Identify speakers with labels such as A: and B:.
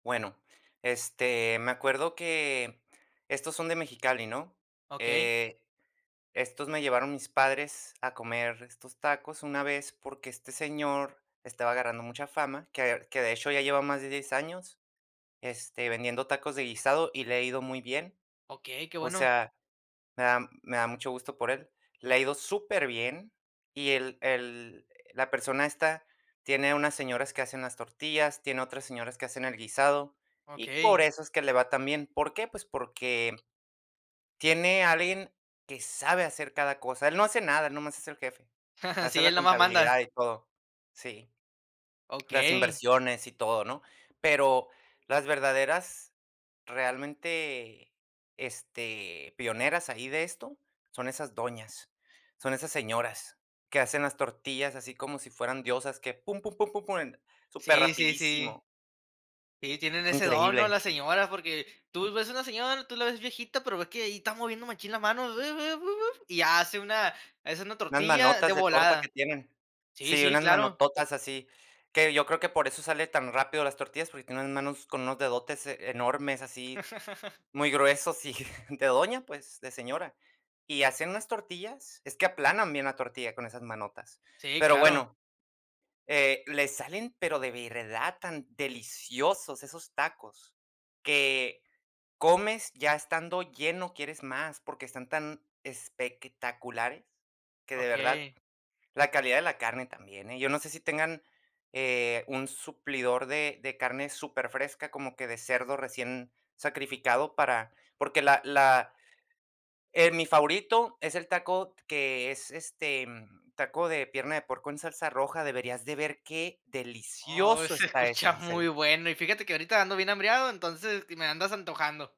A: Bueno, este, me acuerdo que estos son de Mexicali, ¿no?
B: Okey.
A: Eh, estos me llevaron mis padres a comer estos tacos una vez, porque este señor estaba agarrando mucha fama, que ver que de hecho, ya lleva más de 10 años, este, vendiendo tacos de guisado, y le ha ido muy bien.
B: Okey, qué
A: O
B: bueno.
A: sea, me da me da mucho gusto por él, le ha ido superbién, y el el la persona esta, tiene unas señoras que hacen las tortillas, tiene otras señoras que hacen el guisado, y por
B: Okey.
A: eso es que le va tan bien. ¿Por qué? Pues, porque tiene alguien que sabe hacer cada cosa. Él no hace nada, nomás es el jefe, hace
B: Sí,
A: la
B: él nomás manda.
A: contabilidad, y todo, sí. Las
B: Okey.
A: inversiones, y todo, ¿no? Pero las verdaderas, realmente, este, pioneras ahí de esto son esas doñas, son esas señoras, que hacen las tortillas así como si fueran diosas, que pum, pum, pum, pum, pum, súper
B: Sí, sí, sí.
A: rapidísimo.
B: Sí, tienen
A: Es
B: ese don, ¿no?
A: increíble.
B: Las señoras, porque tú ves una señora, tú la ves viejita, pero ves que ahí está moviendo machín la mano, bebe bu, buf. Y hace una es una
A: Unas
B: tortilla de
A: manotas de torta que
B: volada.
A: tienen.
B: Sí,
A: Sí,
B: sí,
A: unas
B: claro.
A: manototas así, que yo creo que por eso sale tan rápido las tortillas, porque tiene unas manos con unos dedotes enormes, así, muy gruesos y de doña, pues, de señora. Y hacían unas tortillas, es que aplanan bien la tortilla con esas manotas,
B: Sí,
A: pero
B: claro.
A: bueno, eh, les salen, pero de verdad, tan deliciosos esos tacos que comes, ya estando lleno, quieres más, porque están tan espectaculares, que, de verdad,
B: Okey.
A: la calidad de la carne también, ¿eh? Yo no sé si tengan, eh, un suplidor de de carne superfresca, como que de cerdo recién sacrificado para porque la la eh, mi favorito es el taco que es, este, taco de pierna de puerco en salsa roja. Deberías de ver qué
B: Oh,
A: delicioso
B: se
A: está eso,
B: escucha
A: en
B: muy
A: serio.
B: bueno. Y fíjate que ahorita ando bien hambreado, entonces, me andas antojando.